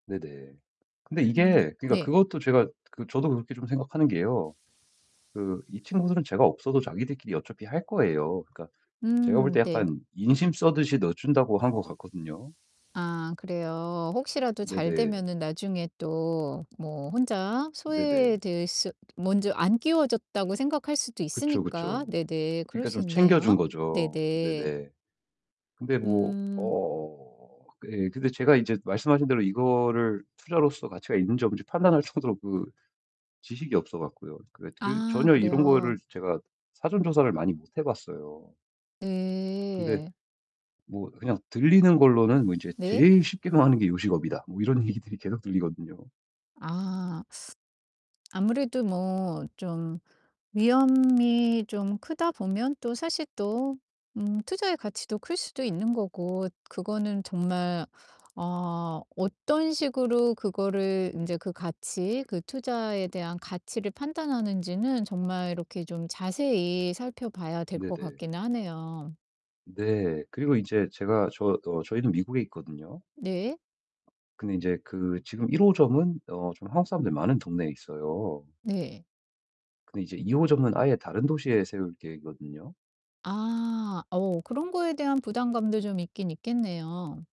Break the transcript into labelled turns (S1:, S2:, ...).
S1: 네네. 근데
S2: 음.
S1: 이게 그러니까
S2: 네.
S1: 그것도 제가 그 저도 그렇게 좀 생각하는 게요 그 이 친구들은 제가 없어도 자기들끼리 어차피 할 거예요. 그러니까 제가 볼
S2: 음.
S1: 때
S2: 네.
S1: 약간 인심 쓰듯이 넣어준다고 한 것 같거든요.
S2: 아, 그래요. 혹시라도
S1: 네네.
S2: 잘되면은 나중에 또 뭐 혼자
S1: 네네.
S2: 소외될 수 먼저 안 끼워줬다고 생각할 수도
S1: 그쵸.
S2: 있으니까
S1: 그쵸.
S2: 네네 그럴
S1: 그러니까
S2: 수
S1: 좀 챙겨준
S2: 있네요.
S1: 거죠.
S2: 네네.
S1: 네네. 근데 뭐
S2: 음.
S1: 어. 그 예, 근데 제가 인제 말씀하신 대로 이거를 투자로서 가치가 있는지 없는지 판단할 정도로 그 지식이 없어 갖고요 그래 그
S2: 아,
S1: 전혀 이런 거를
S2: 그래요.
S1: 제가 사전 조사를 많이 못 해봤어요. 근데
S2: 네.
S1: 뭐 그냥 들리는 걸로는 뭐 인제
S2: 네.
S1: '제일 쉽게 망하는 게 요식업이다.' 뭐 이런 얘기들이 계속 들리거든요.
S2: 아. 아무래도 뭐 좀 위험이 좀 크다 보면 또 사실 또 음, 투자의 가치도 클 수도 있는 거고 그거는 정말 어, 어떤 식으로 그거를 인제 그 가치, 그 투자에 대한 가치를 판단하는지는 정말 이렇게 좀 자세히 살펴봐야 될 것
S1: 네네.
S2: 같기는 하네요.
S1: 네, 그리고 인제 제가 저 어 저희는 미국에 있거든요.
S2: 네.
S1: 근데 인제 그 지금 1 호점은 어 좀 한국 사람들이 많은 동네에 있어요.
S2: 네.
S1: 근데 이제 2 호점은 아예 다른 도시에 세울 계획이거든요.
S2: 아. 어, 그런 거에 대한 부담감도 좀 있긴 있겠네요.